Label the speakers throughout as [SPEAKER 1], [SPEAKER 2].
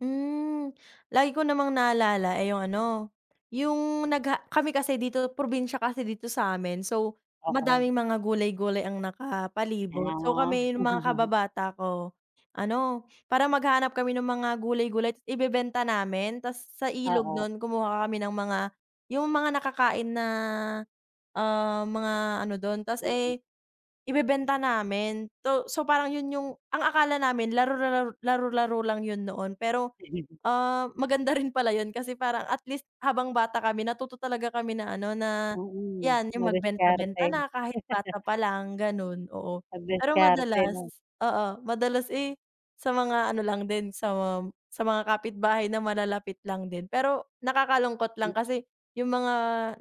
[SPEAKER 1] Hmm, lagi ko namang naalala eh, yung ano yung nagha kami kasi dito probinsya kasi dito sa amin so
[SPEAKER 2] Oo.
[SPEAKER 1] madaming mga gulay-gulay ang nakapalibot. So
[SPEAKER 2] Ah.
[SPEAKER 1] kami yung mga kababata ko ano parang maghahanap kami ng mga gulay-gulay ibebenta namin tas sa ilog
[SPEAKER 2] Oo.
[SPEAKER 1] non kumukuha kami ng mga yung mga nakakain na ah mga ano dun tas eh ibebenta namin to so parang yun yung ang akala namin laro-laro, laro-laro lang yun noon. Pero ah, maganda rin pala yun kasi parang at least habang bata kami natuto talaga kami na ano na
[SPEAKER 2] Mm,
[SPEAKER 1] yan yung magbenta
[SPEAKER 2] madiskarte.
[SPEAKER 1] benta na kahit bata palang ganun, oo.
[SPEAKER 2] 'Pag
[SPEAKER 1] Pero
[SPEAKER 2] diskarte
[SPEAKER 1] madalas,
[SPEAKER 2] 'no.
[SPEAKER 1] oo madalas eh, sa mga ano lang din sa mga sa mga kapitbahay na malalapit lang din. Pero nakakalungkot lang kasi yung mga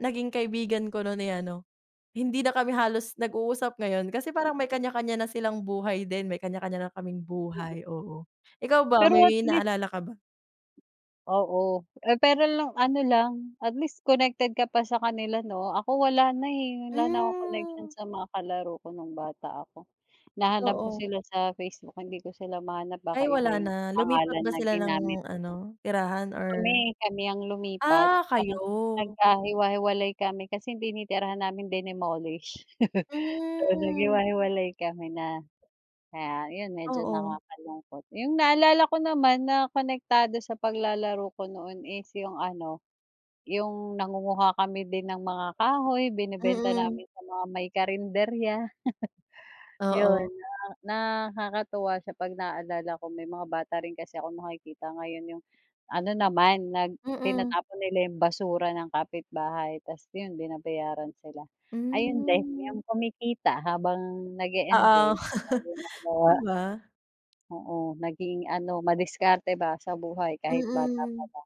[SPEAKER 1] naging kaibigan ko nun eh, ano hindi na kami halos nag-uusap ngayon kasi parang may kanya-kanya na silang buhay din, may kanya-kanya na kaming buhay, oo. Ikaw ba
[SPEAKER 2] Pero at
[SPEAKER 1] may
[SPEAKER 2] least
[SPEAKER 1] naalala ka ba?
[SPEAKER 2] Oo, eh, pero nung ano lang at least connected ka pa sa kanila 'no. Ako wala na eh, wala na akong connection
[SPEAKER 1] Hmm.
[SPEAKER 2] sa mga kalaro ko nung bata ako, hinahanap ko
[SPEAKER 1] Oo.
[SPEAKER 2] sila sa Facebook, hindi ko sila mahanap
[SPEAKER 1] Ay
[SPEAKER 2] baka
[SPEAKER 1] wala
[SPEAKER 2] iba yung
[SPEAKER 1] na lumipat
[SPEAKER 2] pangalan
[SPEAKER 1] ba
[SPEAKER 2] na
[SPEAKER 1] sila ng
[SPEAKER 2] ginamit.
[SPEAKER 1] ano tirahan or?
[SPEAKER 2] Kami kami ang lumipat,
[SPEAKER 1] Ah, kayo.
[SPEAKER 2] parang nagkahiwa-hiwalay kami kasi tinitirhan namin dinemolish. So
[SPEAKER 1] Hmm.
[SPEAKER 2] naghiwa-hiwalay kami na kaya yun medyo
[SPEAKER 1] Oo.
[SPEAKER 2] nakakalungkot. Yung naalala ko naman na konektado sa paglalaro ko noon is yung ano, yung nangunguha kami din ng mga kahoy, binebenta
[SPEAKER 1] Mm.
[SPEAKER 2] namin sa mga may karenderya.
[SPEAKER 1] Oo.
[SPEAKER 2] Yun, na nakakatuwa siya pag naalala ko may mga bata rin kasi ako nakikita ngayon yung ano naman nag
[SPEAKER 1] Mm.
[SPEAKER 2] tinatapon nila yung basura ng kapitbahay tas yun binabayaran sila. Ayun din
[SPEAKER 1] Hmm.
[SPEAKER 2] yung kumikita habang
[SPEAKER 1] Oo.
[SPEAKER 2] nag-eenjoy.
[SPEAKER 1] Di ba?
[SPEAKER 2] Oo, naging ano madiskarte ba sa buhay kahit bata pa
[SPEAKER 1] Mm.
[SPEAKER 2] lang.